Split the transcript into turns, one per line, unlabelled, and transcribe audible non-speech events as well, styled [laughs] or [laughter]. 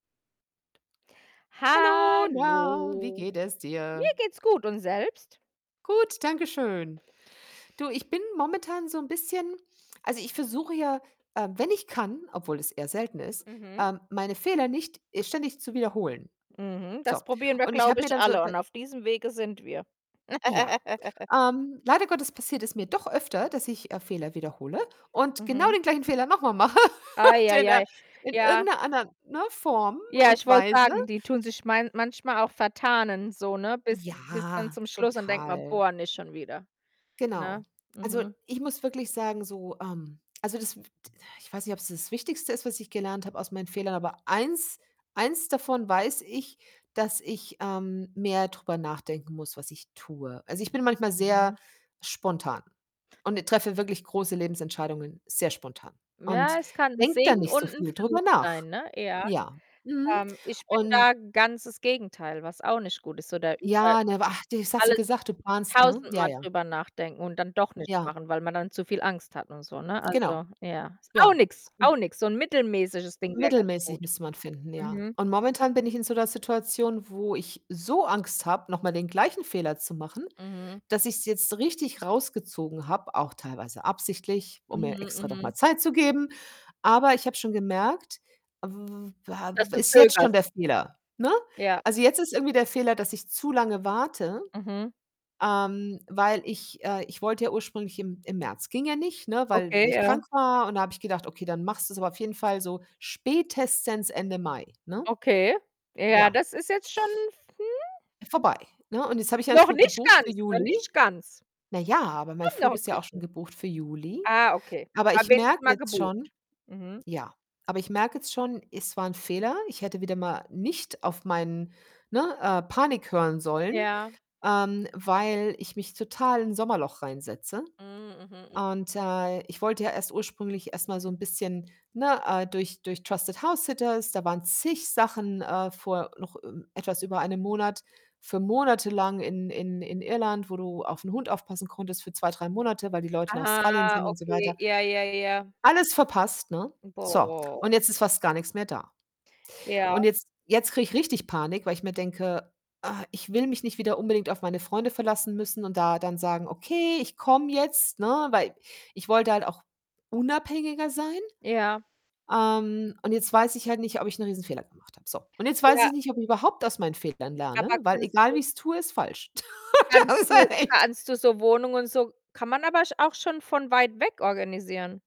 Hallo, na, wie
Hallo.
geht es
Mir
dir?
geht's gut und selbst?
Gut, danke schön. Du, ich bin momentan so 'n bisschen also, ich versuche ja, äh, wenn ich kann, obwohl es eher selten ist,
Mhm.
ähm, meine Fehler nicht ständig zu wiederholen.
Mhm.
So,
Das probieren wir,
und ich habe
glaube
mir
ich,
dann so
alle
über
und auf diesem Wege sind wir.
Ja,
[laughs]
ähm, leider Gottes passiert es mir doch öfter, dass ich, äh, Fehler wiederhole und genau
Mhm.
den gleichen Fehler noch mal mache [laughs] und in 'ner
Eieiei.
in
Ja.
irgend 'ner anderen, ne, Form
Ja, ich
und
wollte
Weise.
sagen, die tun sich man manchmal auch vertarnen so, ne, bis bis dann
Ja,
zum Schluss und denkt man:
total.
„Boah, nicht schon wieder,“
Genau.
ne?
Also,
Mhm.
ich muss wirklich sagen, so, ähm also, das w t ich weiß nicht, ob's das Wichtigste ist, was ich gelernt habe aus meinen Fehlern, aber 1, 1 davon weiß ich, dass ich, ähm, mehr drüber nachdenken muss, was ich tue. Also, ich bin manchmal sehr
Mhm.
spontan und treffe wirklich große Lebensentscheidungen sehr spontan und
Ja, es kann 'n
denke da
Segen
nicht so
und 'n
viel drüber
Fluch
nach.
sein, ne, ja.
Ja, mhm
Ähm, ich bin
und
da ganz das Gegenteil, was auch nicht gut ist. So da über
Ja, ne ach, das hast du
alles
gesagt, du planst, ne? Ja,
tausendmal
ja.
drüber nachdenken und dann doch nicht
Ja.
machen, weil man dann zu viel Angst hat und so, ne?
Genau.
Also, ja, ist
Ja.
auch nix, auch
[unintelligible]
nix. So 'n mittelmäßiges Ding wäre ganz
Mittelmäßig
gut.
müsste man finden, ja.
Mhm.
Und momentan bin ich in so 'ner Situation, wo ich so Angst habe, noch mal den gleichen Fehler zu machen,
Mhm.
dass ich's jetzt richtig rausgezogen habe, auch teilweise absichtlich, um mir
Mhm,
extra noch mal
mhm.
Zeit zu geben. Aber ich habe schon gemerkt, w w war
Dass du
ist jetzt
zögerst.
schon der Fehler, ne?
Ja.
Also, jetzt ist irgendwie der Fehler, dass ich zu lange warte,
Mhm.
ähm, weil ich äh, ich wollte ja ursprünglich im im März ging ja nicht, ne, weil weil
Okay,
ich
ja.
krank war und da habe ich gedacht: „Okay, dann machst du's aber auf jeden Fall so spätestens Ende Mai, ne?“
Okay. Ja,
Ja.
das ist jetzt schon f
Vorbei, ne? Und jetzt habe ich einen
Noch
Flug
nicht
gebucht für
ganz, noch
Juli.
nicht ganz.
Na ja, aber mein
Schon
Flug
noch 'n
ist ja auch schon
bisschen.
gebucht für Juli.
Ah, okay.
Aber
Na
ich
wenigstens
merke
mal
jetzt schon
gebucht. Mhm.
ja, aber ich merke jetzt schon, es war 'n Fehler. Ich hätte wieder mal nicht auf meinen ne, äh, Panik hören sollen,
Ja.
ähm, weil ich mich total in 'n Sommerloch reinsetze
Hm, mhm, mhm.
und, äh, ich wollte ja erst ursprünglich erst mal so 'n bisschen, ne, äh, durch durch TrustedHousesitters, da waren zig Sachen, äh, vor noch ü etwas über einem Monat für monatelang in in in Irland, wo du auf 'n Hund aufpassen konntest für 2, 3 Monate, weil die Leute in
Ah,
Australien sind und so
okay,
weiter.
ja, ja, ja.
Alles verpasst, ne? So,
Boah.
und jetzt ist fast gar nix mehr da
Ja.
und jetzt jetzt kriege ich richtig Panik, weil ich mir denke: „Ah, ich will mich nicht wieder unbedingt auf meine Freunde verlassen müssen,“ und da dann sagen: „Okay, ich komme jetzt,“ ne, weil ich wollte halt auch unabhängiger sein.
Ja.
Ähm, und jetzt weiß ich halt nicht, ob ich 'n Riesenfehler gemacht habe. So, und jetzt weiß
Ja.
ich nicht, ob ich überhaupt aus meinen Fehlern
Aber
lerne, weil
kannst
egal, wie
du
ich's tue, ist falsch. [laughs]
kannst
Das ist
du
halt echt
kannst du so Wohnungen und so kann man aber sch auch schon von weit weg organisieren.